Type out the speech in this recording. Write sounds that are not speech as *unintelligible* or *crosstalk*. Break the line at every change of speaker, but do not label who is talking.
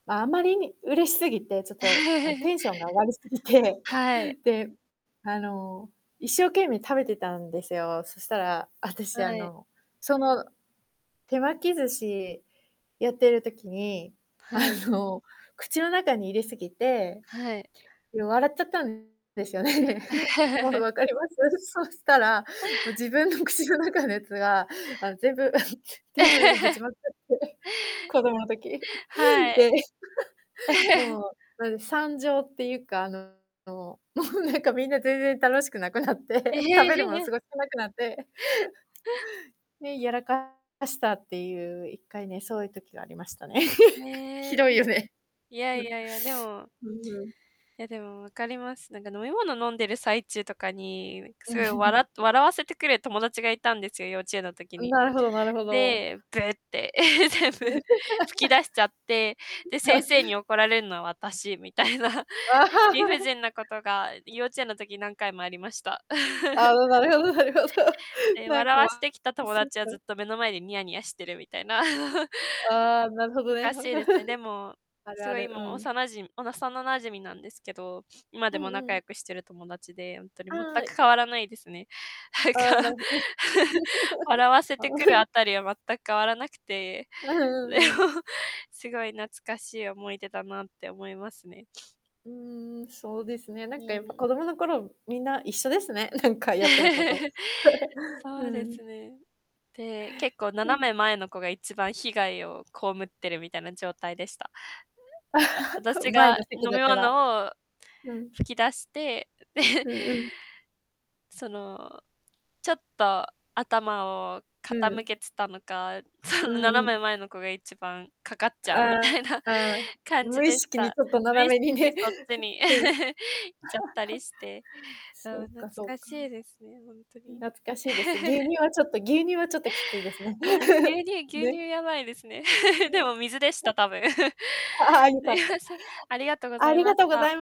ま、あまりに嬉しすぎて、ちょっと、あん、
*chuckles*
テンションが上がりすぎて、
はい。
*chuckles* で、あの、一生懸命食べてたんですよ。そしたら、あたし、あ
はい。
の、その手巻き寿司、やってる時に、あ
はい。
の、口の中に入れすぎて、
はい。
よう笑っちゃったんですよね。*chuckles* もう、
*chuckles*
わかります？そしたら、も、自分の口の中のやつが、あの全部 *chuckles* テーブルにぶち
*chuckles*
まくって、*chuckles* 子供の時。
は
*chuckles*
い。
で、*chuckles*
*chuckles*
もう、なんで、惨状っていうか、あのの、もう、なんか、みんな全然楽しくなくなっ
え。
て、食べるもの
*chuckles*
すごい少なくなって... *chuckles* ね、やらかかしたっていう、1回ね、そういう時がありましたね。
へ
*chuckles*
え。
ひ
ん。
どいよね。
いや
う
い
ん。
やいや、でも
うんうん。
いや、でも分かります。なんか、飲み物飲んでる最中とかに、ういく
う
す
ん、
ごい
ふうん。
笑っと笑わせてくれ友達がいたんですよ、幼稚園の時
ん、
に。
なるほどなるほど。
で、「ぶー」って、え、全
*chuckles* *unintelligible* う
部吹き出しちゃって、で、先生に
*chuckles*
怒られんのは私みたいな理不
*laughs*
尽なことが、幼稚園の時何回もありました。
ああ、
*chuckles*
ななるほどなるほど。
え、
なん
笑
か、
わ
わ
してきた
あ、
友
そうか、
達はずっ
え。
と目の前でニヤニヤしてるみたいな。*chuckles*
うん、ああ、なるほどね。
かしいですね、でも、
*chuckles* ある
す
あ
ごい
る、
も
う
うお
ん。
さ馴染幼な馴染みなんですけど、今で
うん
も
う
仲良
ん。
くしてる友達で、ほんとに全
あ、
く変
い
わらないですね、なん
ああ、な
か。
るほど。
*chuckles* 笑わ
*unintelligible*
せ
*chuckles* あ
て
の
くる
*chuckles*
あたりは全く変わらなくて、
あはう
れ
んうん。
もすごい懐かしい思い出だなって思いますね。*sniffs*
うーん、そうですね、な
う
んか、
ー
やっぱ
ん。
子供の頃、みんな一緒ですね、なんかやってること。
*chuckles*
*chuckles* う
そうで
ーん。
すね。で、結構、
う
斜
ん。
め前の子が一番被害を被ってるみたいな状態でした。うやあ、私
*chuckles* 前
が
の席
飲
だ
み
から。*unintelligible*
物を
うん。
吹き出して、う *laughs*
うんうん。
その、ちょっと頭を
う
傾
ん。
けつたのか、そ
う
の
んう
斜
ん。
め前の子が一番かかっちゃうみた
あ
いな
あ、
感じ
無意
でし
識に
た。
ちょっと
無
斜
意
め
識
に
に
ね。
そっち
*unintelligible*
に
うん。
*chuckles* っちゃったりして。
*chuckles*
う
そ
ん、
う
懐
かそう
かし
か。
いですね、ほんと
うん、
に。
懐かしいです。牛
*chuckles*
乳はちょっと牛乳はちょっときついですね。
ああ、牛
*chuckles*
乳牛
ね。
乳
*unintelligible*
やばいですね。
う
*chuckles*
ー
で
ん。
も水でした、多分。*chuckles*
*unintelligible* はは、よ
す
か
い
った。
ま
*unintelligible*
せん、ありがとうござ
あ
い
り
ま
が
し
とうご
た。
ざいむ